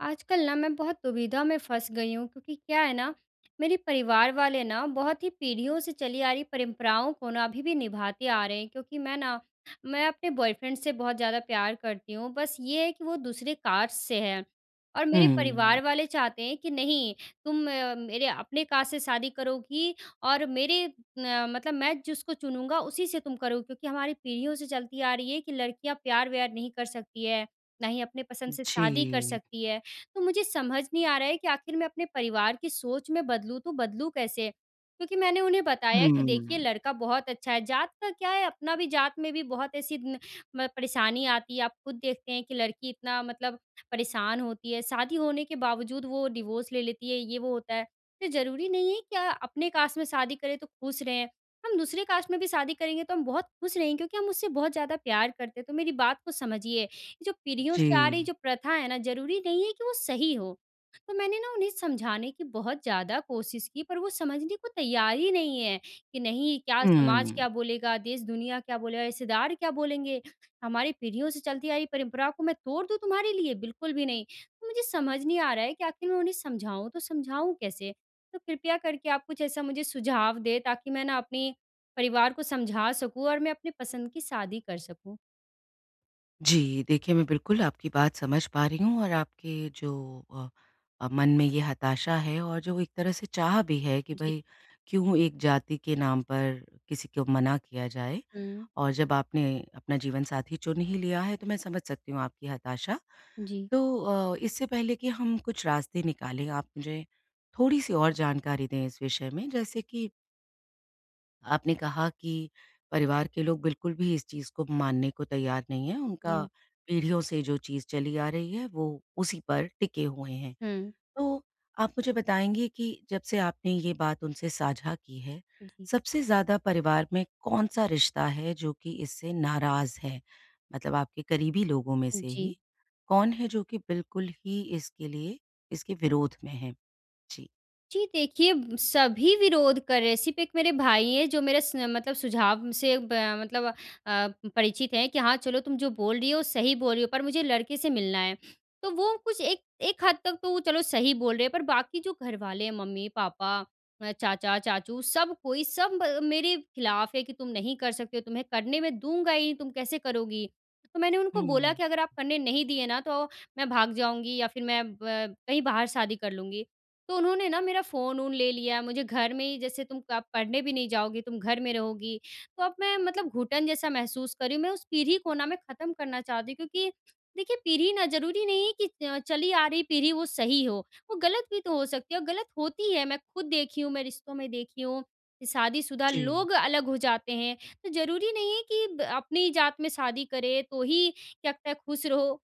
आजकल ना मैं बहुत दुविधा में फंस गई हूँ क्योंकि क्या है ना, मेरे परिवार वाले ना, बहुत ही पीढ़ियों से चली आ रही परंपराओं को ना अभी भी निभाते आ रहे हैं क्योंकि मैं ना, मैं अपने बॉयफ्रेंड से बहुत ज़्यादा प्यार करती हूँ। बस ये है कि वो दूसरे कास्ट से है और मेरे हुँ। परिवार वाले चाहते हैं कि, "नहीं, तुम मेरे अपने कास्ट से शादी करोगी और मेरे अ, मतलब मैं जिसको चुनूँगा, उसी से तुम करोगी क्योंकि हमारी पीढ़ियों से चलती आ रही है कि लड़कियाँ प्यार-व्यार नहीं कर सकती हैं, ना ही अपने पसंद से शादी कर जी। सकती हैं।" तो मुझे समझ नहीं आ रहा है कि आखिर मैं अपने परिवार की सोच मैं बदलूँ, तो बदलूँ कैसे? क्योंकि मैंने उन्हें बताया कि देखिए, हुँ। लड़का बहुत अच्छा है। जात का क्या है? अपना भी जात में भी बहुत ऐसी न म परेशानी आती है। आप खुद देखते हैं कि लड़की इतना मतलब परेशान होती है, शादी होने के बावजूद वो डाइवोर्स ले लेती है, ये-वो होता है। ये ज़रूरी नहीं है कि अ, अपने कास्ट में शादी करें, तो खुश रहें। हम दूसरी कास्ट में भी शादी करेंगे, तो हम बहुत खुश रहेंगे क्योंकि हम उससे बहुत ज़्यादा प्यार करते हैं, तो मेरी बात को समझिए। ये जो पीढ़ियों से आ रही जी। जो प्रथा है ना, ज़रूरी नहीं है कि वो सही हो। तो मैंने ना उन्हें समझाने की बहुत ज़्यादा कोशिश की, पर वो समझने को तैयार ही नहीं है कि, "नहीं, क्या समाज हुँ। क्या बोलेगा? देश-दुनिया क्या बोलेगा? रिश्तेदार क्या बोलेंगे? हमारी पीढ़ियों से चलती आ रही परंपरा को मैं तोड़ दूँ तुम्हारे लिए? बिल्कुल भी नहीं।" तो मुझे समझ नहीं आ रहा है कि आखिर मैं उन्हें समझाऊँ, तो समझाऊँ कैसे? तो कृपया करके आप कुछ ऐसा मुझे सुझाव दें, ताकि मैं ना अपने परिवार को समझा सकूँ और मैं अपनी पसंद की शादी कर सकूँ। जी, देखिए मैं बिल्कुल आपकी बात समझ पा रही हूँ और आपके जो अ, मन में ये हताशा है और जो एक तरह से चाह भी है कि जी। भई क्यों एक जाति के नाम पर किसी को मना किया जाए हुँ। और जब आपने अपना जीवनसाथी चुन ही लिया है, तो मैं समझ सकती हूँ आपकी हताशा। जी। तो अ, इससे पहले कि हम कुछ रास्ते निकालें आप मुझे थोड़ी-सी और जानकारी दें इस विषय में जैसे कि आपने कहा कि परिवार के लोग बिल्कुल भी इस चीज़ को मानने को तैयार नहीं हैं, उनका जी। पीढ़ियों से जो चीज़ चली आ रही है वो उसी पर टिके हुए हैं। हुँ। तो आप मुझे बताएँगे कि जब से आपने ये बात उनसे साझा की है जी। सबसे ज़्यादा परिवार में कौन-सा रिश्ता है जो कि इससे नाराज़ है। मतलब आपके करीबी लोगों में से ही जी। कौन है जो कि बिल्कुल ही इसके लिए इसके विरोध में हैं? जी। जी। देखिए, सभी विरोध कर रहे हैं सिर्फ़ एक मेरे भाई हैं जो मेरे स मतलब सुझाव से ब मतलब अ, परिचित हैं कि हाँ चलो तुम जो बोल रही हो सही बोल रही हो, पर मुझे लड़के से मिलना है। तो वो कुछ एक एक हद तक तो चलो सही बोल रहे हैं पर बाकी जो घर वाले हैं मम्मी-पापा, चाचा, चाचू सब कोई सब मेरे खिलाफ है कि तुम नहीं कर सकते हो तुम्हें करने मैं दूँगा ही नहीं तुम कैसे करोगी? तो मैंने उनको बोला हुँ। कि अगर आप करने नहीं दिए ना तो मैं भाग जाऊँगी या फ़िर मैं ब कहीं बाहर शादी कर लूँगी। तो उन्होंने ना मेरा फ़ोन-वोन ले लिया मुझे घर में ही जैसे, तुम कब पढ़ने भी नहीं जाओगी, तुम घर में रहोगी तो अब मैं मतलब घुटन जैसा महसूस कर रही हूँ। मैं उस पीढ़ी को ना मैं ख़त्म करना चाहती हूँ क्योंकि देखिए पीढ़ी ना ज़रूरी नहीं है कि अ, चली आ रही पीढ़ी वो सही हो वो गलत भी तो हो सकती है। और गलत होती है मैं खुद देखी हूँ, मैं रिश्तों में देखी हूँ कि शादीशुदा जी। लोग अलग हो जाते हैं। तो ज़रूरी नहीं है कि ब अपनी जात में शादी करें तो ही क्या पता ख़ुश रहो।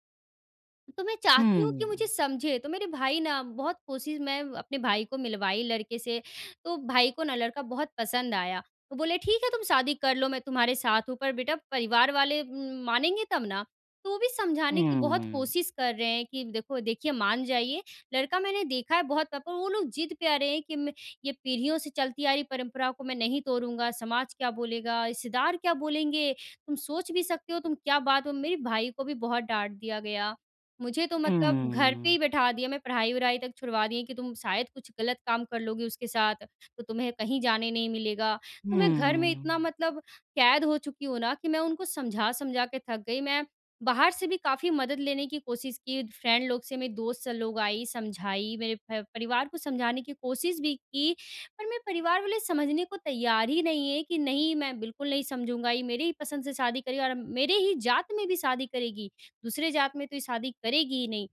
तो मैं चाहती हूँ कि मुझे हुँ। समझे, तो मेरे भाई ना बहुत कोशिश मैं अपने भाई को मिलवाई लड़के से, तो भाई को ना लड़का बहुत पसंद आया। वो बोले, "ठीक है तुम शादी कर लो, मैं तुम्हारे साथ हूँ पर बेटा, परिवार वाले उम, मानेंगे तब ना।" तो वो भी समझाने की बहुत हुँ। कोशिश कर रहे हैं कि देखो देखिए मान जाइए, लड़का मैंने देखा है बहुत पर वो लोग ज़िद पे अड़े हैं कि, "मैं ये पीढ़ियों से चलती आ रही परम्पराओं को मैं नहीं तोड़ूँगा, समाज क्या बोलेगा, रिश्तेदार क्या बोलेंगे, तुम सोच भी सकते हो तुम क्या बात हो।" मेरे भाई को भी बहुत डाँट दिया गया। मुझे तो मतलब हुँ, घर पे हुँ। ही बैठा दिया, मैं पढ़ाई-वढ़ाई तक छुड़वा दिए कि तुम शायद कुछ ग़लत काम कर लोगे उसके साथ तो तुम्हें कहीं जाने नहीं मिलेगा। तो मैं घर में हुँ। इतना मतलब कैद हो चुकी हूँ ना कि मैं उनको समझा-समझा के थक गई, मैं बाहर से भी काफ़ी मदद लेने की कोशिश की फ्रेंड लोग से, मेरे दोस्त लोग आई, समझाई मेरे प परिवार को समझाने की कोशिश भी की पर मेरे परिवार वाले समझने को तैयार ही नहीं है कि नहीं मैं बिल्कुल नहीं समझूँगा। ये मेरे ही पसंद से शादी करेगी और अब मेरे ही जात में भी शादी करेगी दूसरे जात में तो ये शादी करेगी ही नहीं।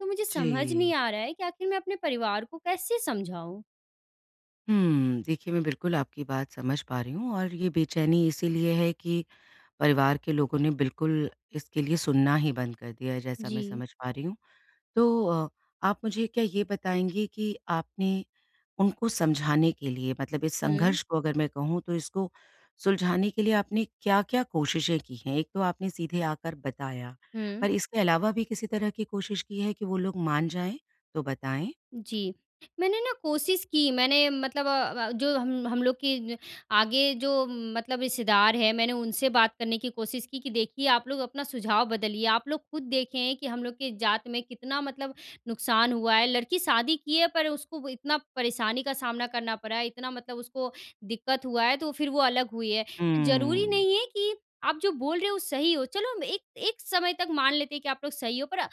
तो मुझे समझ नहीं जी। आ रहा है कि आख़िर मैं अपने परिवार को कैसे समझाऊँ? हुँ। देखिए, मैं बिल्कुल आपकी बात समझ पा रही हूँ और ये बेचैनी इसीलिए है कि परिवार के लोगों ने बिल्कुल इसके लिए सुनना ही बंद कर दिया है, जैसा मैं जी। समझ पा रही हूँ। तो अ, आप मुझे क्या ये बताएँगी कि आपने उनको समझाने के लिए मतलब इस हुँ। संघर्ष को अगर मैं कहूँ, तो इसको सुलझाने के लिए आपने क्या-क्या कोशिशें की हैं? एक तो आपने सीधे आकर बताया, हुँ। पर इसके अलावा भी किसी तरह की कोशिश की है कि वो लोग मान जाएँ? तो बताएँ। जी। मैंने ना कोशिश की मैंने मतलब अ अ, जो हम हम लोग की न आगे जो मतलब रिश्तेदार हैं, मैंने उनसे बात करने की कोशिश की देखिए, आप लोग अपना सुझाव बदलिए आप लोग खुद देखें हैं कि हम लोग के जात में कितना मतलब नुकसान हुआ है। लड़की शादी की है, पर उसको इतना परेशानी का सामना करना पड़ा है, इतना मतलब उसको दिक्कत हुआ है, तो फिर वो अलग हुई है। ज़रूरी हुँ। नहीं है कि आप जो बोल रहे हो, वो सही हो। चलो, हम एक एक समय तक मान लेते हैं कि आप लोग सही हो, पर अम,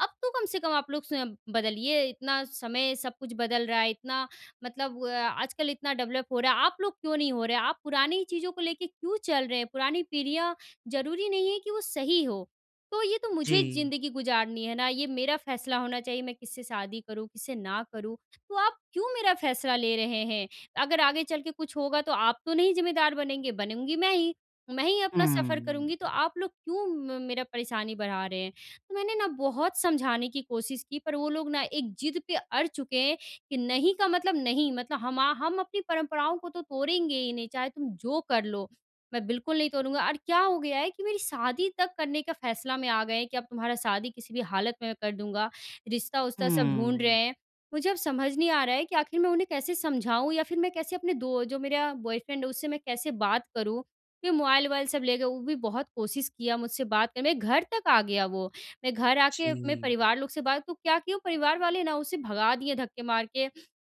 अब तो कम से कम आप लोग स्वयं बदलिए, इतना समय सब कुछ बदल रहा है। इतना मतलब अ, आजकल इतना डेवलप हो रहा है। आप लोग क्यों नहीं हो रहे? आप पुरानी ही चीज़ों को लेके क्यों चल रहे हैं? पुरानी पीढ़ियाँ, ज़रूरी नहीं है कि वो सही हों। तो ये तो मुझे जी। ज़िंदगी गुज़ारनी है ना, ये मेरा फ़ैसला होना चाहिए, मैं किससे शादी करूँ, किससे ना करूँ। तो आप क्यों मेरा फ़ैसला ले रहे हैं? अगर आगे चल के कुछ होगा, तो आप तो नहीं ज़िम्मेदार बनेंगे, बनूँगी मैं ही। मैं ही अपना सफ़र हुँ। करूँगी, तो आप लोग क्यों म मेरा परेशानी बढ़ा रहे हैं? तो मैंने ना बहुत समझाने की कोशिश की, पर वो लोग ना एक ज़िद पे अड़ चुके हैं कि, नहीं का मतलब नहीं। मतलब हमा हम अपनी परंपराओं को तो तोड़ेंगे ही नहीं, चाहे तुम जो कर लो। मैं बिल्कुल नहीं तोड़ूँगा और क्या हो गया है कि मेरी शादी तक करने का फ़ैसला में आ गए हैं कि, अब तुम्हारा शादी किसी भी हालत में मैं कर दूँगा। रिश्ता-वुश्ता सब ढूँढ रहे हुँ। हैं। मुझे अब समझ नहीं आ रहा है कि आखिर मैं उन्हें कैसे समझाऊँ या फिर मैं कैसे अपने दो जो मेरा बॉयफ्रेंड है, उससे मैं कैसे बात करूँ? क्योंकि मोबाइल-वोबाइल सब ले गए। वो भी बहुत कोशिश किया मुझसे बात कर मेरे घर तक आ गया वो। मेरे घर आके मेरे जी। परिवार लोग से बात तो क्या किये वो, परिवार वाले ना उसे भगा दिए धक्के मार के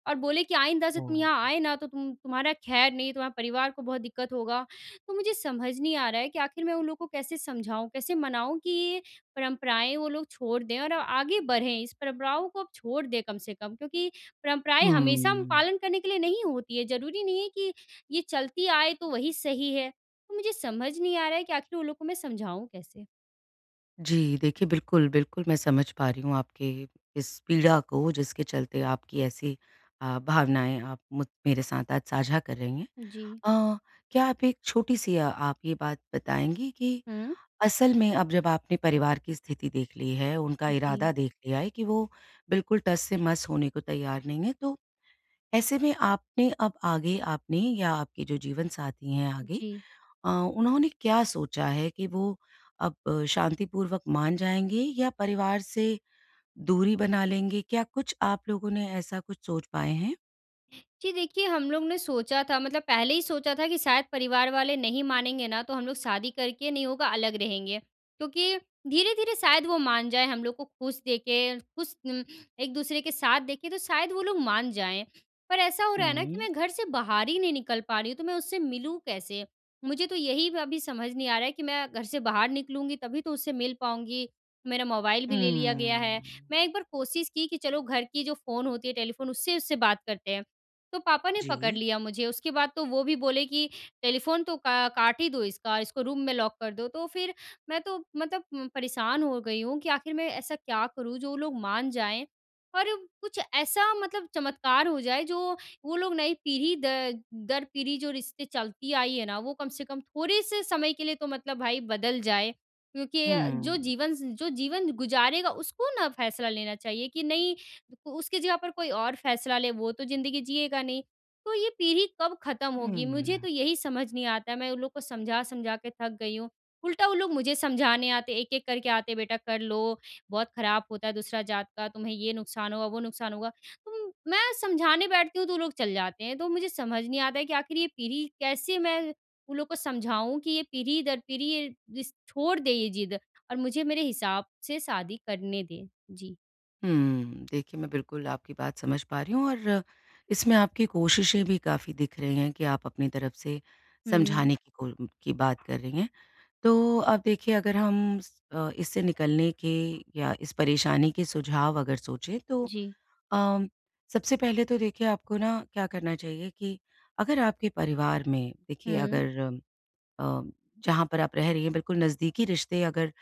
और बोले कि आइंदा से तुम यहाँ हाँ। आए ना, तो तुम तुम्हारा ख़ैर नहीं, तुम्हारे परिवार को बहुत दिक्कत होगा। तो मुझे समझ नहीं आ रहा है कि आखिर मैं उन लोगों को कैसे समझाऊँ? कैसे मनाऊँ कि परंपराएँ वो लोग छोड़ दें और आगे बढ़ें? इस परंपराओं को अब छोड़ दें कम से कम क्योंकि परंपराएँ हमेशा हम हुँ। पालन करने के लिए नहीं होती हैं। ज़रूरी नहीं है कि ये चलती आए, तो वही सही है। तो मुझे समझ नहीं आ रहा है कि आखिर वो लोग को मैं समझाऊँ कैसे। जी देखिए बिल्कुल, बिल्कुल मैं समझ पा रही हूँ आपके इस पीड़ा को जिसके चलते आपकी ऐसी अ, भावनाएँ आप मुझ मेरे साथ आज साझा कर रही हैं जी। अ, क्या आप एक छोटी-सी अ आप ये बात बताएँगी कि हुँ। असल में अब जब आपने परिवार की स्थिति देख ली है उनका जी। इरादा देख लिया है कि वो बिल्कुल टस-से-मस होने को तैयार नहीं है, तो ऐसे में आपने अब आगे आपने या आपके जो जीवनसाथी हैं आगे जी। अ, उन्होंने क्या सोचा है कि वो अब शांतिपूर्वक मान जाएँगे या परिवार से दूरी बना लेंगे? क्या कुछ आप लोगों ने ऐसा कुछ सोच पाए हैं? जी देखिए, हम लोग ने सोचा था मतलब पहले ही सोचा था कि शायद परिवार वाले नहीं मानेंगे ना तो हम लोग शादी करके नहीं होगा अलग रहेंगे। क्योंकि धीरे-धीरे शायद वो मान जाएँ हम लोग को ख़ुश देखे ख़ुश उम, एक दूसरे के साथ देखे तो शायद वो लोग मान जाएँ। पर ऐसा हो रहा है न कि हुँ। मैं घर से बाहर ही नहीं निकल पा रही हूँ तो मैं उससे मिलूँ कैसे। मुझे तो यही अभी समझ नहीं आ रहा है कि मैं घर से बाहर निकलूँगी तभी तो उससे मिल पाऊँगी। मेरा मोबाइल भी ले लिया गया है। हुँ। मैं 1 बार कोशिश की कि चलो घर की जो फ़ोन होती है टेलीफ़ोन उससे उससे बात करते हैं। तो पापा ने पकड़ जी लिया मुझे उसके बाद तो वो भी बोले कि, "टेलीफ़ोन तो का काट ही दो इसका। इसको रूम में लॉक कर दो।" तो फ़िर मैं तो मतलब उम, परेशान हो गई हूँ कि आख़िर मैं ऐसा क्या करूँ जो वो लोग मान जाएँ। और कुछ ऐसा मतलब चमत्कार हो जाए जो वो लोग नई पीढ़ी द दर पीढ़ी जो रिश्ते चलती आई हैं न वो कम से कम थोड़े-से समय के लिए तो मतलब भाई बदल जाएँ। क्योंकि अ, जो हुँ। जीवन ज जो जीवन गुज़ारेगा उसको ना फ़ैसला लेना चाहिए कि नहीं उसकी जगह पर कोई और फ़ैसला ले वो तो ज़िंदगी जिएगा नहीं। तो ये पीढ़ी कब ख़त्म होगी मुझे हुँ। तो यही समझ नहीं आता मैं उन लोग को समझा-समझा के थक गई हूँ। उल्टा वो लोग मुझे समझाने आते हैं एक-एक करके आते हैं बेटा कर लो बहुत ख़राब होता है दूसरा जात का तुम्हें ये नुकसान होगा वो नुकसान होगा। तो मैं समझाने बैठती हूँ तो वो लोग चले जाते हैं तो मुझे समझ नहीं आता है कि आख़िर ये पीढ़ी कैसे मैं उन लोगों को समझाऊँ कि ये पीढ़ी दर पीढ़ी ये रिश छोड़ दे ये ज़िद और मुझे मेरे हिसाब से शादी करने दें। जी। हुँ। देखिए, मैं बिल्कुल आपकी बात समझ पा रही हूँ और इसमें आपकी कोशिशें भी काफ़ी दिख रही हैं कि आप अपनी तरफ से हुँ। समझाने की कोल्म की बात कर रही हैं। तो अब देखिए, अगर हम स अ, इससे निकलने के या इस परेशानी के सुझाव अगर सोचें, तो जी। अ, सबसे पहले तो देखिए, आपको ना क्या करना चाहिए कि अगर आपके परिवार में, देखिए, हुँ। अगर अ, जहाँ पर आप रह रही हैं, बिल्कुल नज़दीकी रिश्ते अगर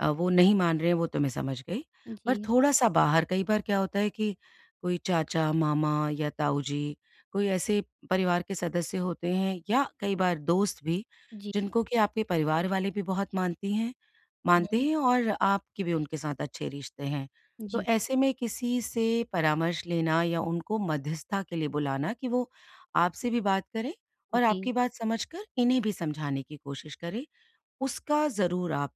अ, वो नहीं मान रहे हैं, वो तो मैं समझ गई। पर जी। थोड़ा-सा बाहर कई बार क्या होता है कि कोई चाचा-मामा या ताऊ जी, कोई ऐसे परिवार के सदस्य होते हैं या कई बार दोस्त भी, जी। जिनको कि आपके परिवार वाले भी बहुत मानती हैं मानते हुँ। हैं और आपकी भी उनके साथ अच्छे रिश्ते हैं। तो जी। ऐसे में किसी से परामर्श लेना या उनको मध्यस्थता के लिए बुलाना कि वो आपसे भी बात करें और जी। आपकी बात समझकर, इन्हें भी समझाने की कोशिश करें। उसका ज़रूर आप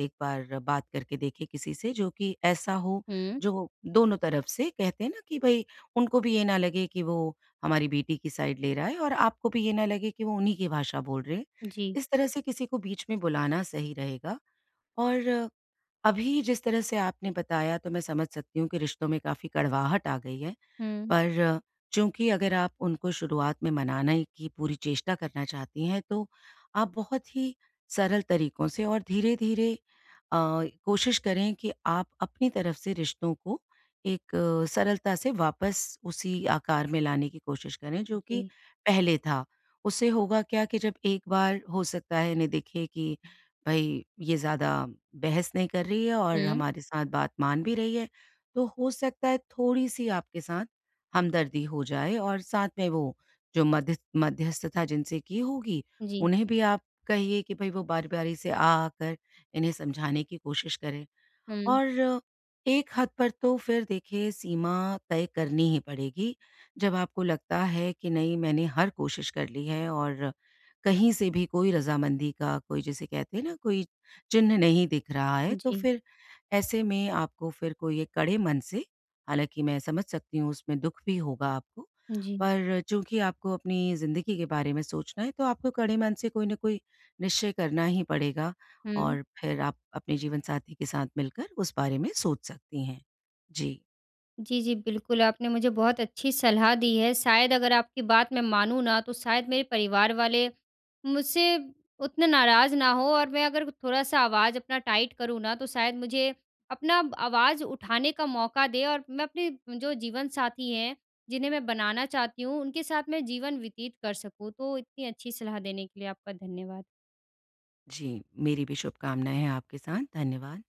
एक बार बात करके देखें किसी से, जो कि ऐसा हो, हुँ। जो दोनों तरफ से, कहते हैं ना कि भई, उनको भी ये ना लगे कि वो हमारी बेटी की साइड ले रहा है और आपको भी ये ना लगे कि वो उन्हीं की भाषा बोल रहे हैं। जी। इस तरह से किसी को बीच में बुलाना सही रहेगा और अभी जिस तरह से आपने बताया, तो मैं समझ सकती हूँ कि रिश्तों में काफ़ी कड़वाहट आ गई है। हुँ। पर चूँकि, अगर आप उनको शुरुआत में मनाने की पूरी चेष्टा करना चाहती हैं, तो आप बहुत ही सरल तरीकों से और धीरे-धीरे अ, कोशिश करें कि आप अपनी तरफ से रिश्तों को एक सरलता से वापस उसी आकार में लाने की कोशिश करें, जो कि जी। पहले था। उससे होगा क्या कि जब एक बार हो सकता है, इन्हें दिखे कि, "भई, ये ज़्यादा बहस नहीं कर रही है और हुँ। हमारे साथ बात मान भी रही है।" तो हो सकता है, थोड़ी-सी आपके साथ हमदर्दी हो जाए और साथ में वो, जो मध्यस मध्यस्थता जिनसे की होगी, जी। उन्हें भी आप कहिए कि भई, वो बारी-बारी से आ आकर इन्हें समझाने की कोशिश करें हुँ। और एक हद पर तो फिर देखिए, सीमा तय करनी ही पड़ेगी। जब आपको लगता है कि नहीं, मैंने हर कोशिश कर ली है और कहीं से भी कोई रज़ामंदी का कोई, जिसे कहते हैं ना, कोई चिन्ह नहीं दिख रहा है, तो जी। फिर ऐसे में आपको फिर कोई एक कड़े मन से हालाँकि मैं समझ सकती हूँ, उसमें दुख भी होगा आपको। जी। पर चूँकि आपको अपनी ज़िंदगी के बारे में सोचना है, तो आपको कड़े मन से कोई न कोई निश्चय करना ही पड़ेगा हुँ। और फिर आप अपने जीवनसाथी के साथ मिलकर उस बारे में सोच सकती हैं। जी। जी, जी। बिल्कुल, आपने मुझे बहुत अच्छी सलाह दी है। शायद अगर आपकी बात मैं मानूँ ना, तो शायद मेरे परिवार वाले मुझसे उतने नाराज़ ना हों और मैं अगर थोड़ा-सा आवाज़ अपना टाइट करूँ ना, तो शायद मुझे अपना आवाज़ उठाने का मौका दें और मैं अपने जो जीवन साथी हैं, जिन्हें मैं बनाना चाहती हूँ, उनके साथ मैं जीवन व्यतीत कर सकूँ। तो इतनी अच्छी सलाह देने के लिए आपका धन्यवाद। जी। मेरी भी शुभकामनाएँ हैं आपके साथ, धन्यवाद।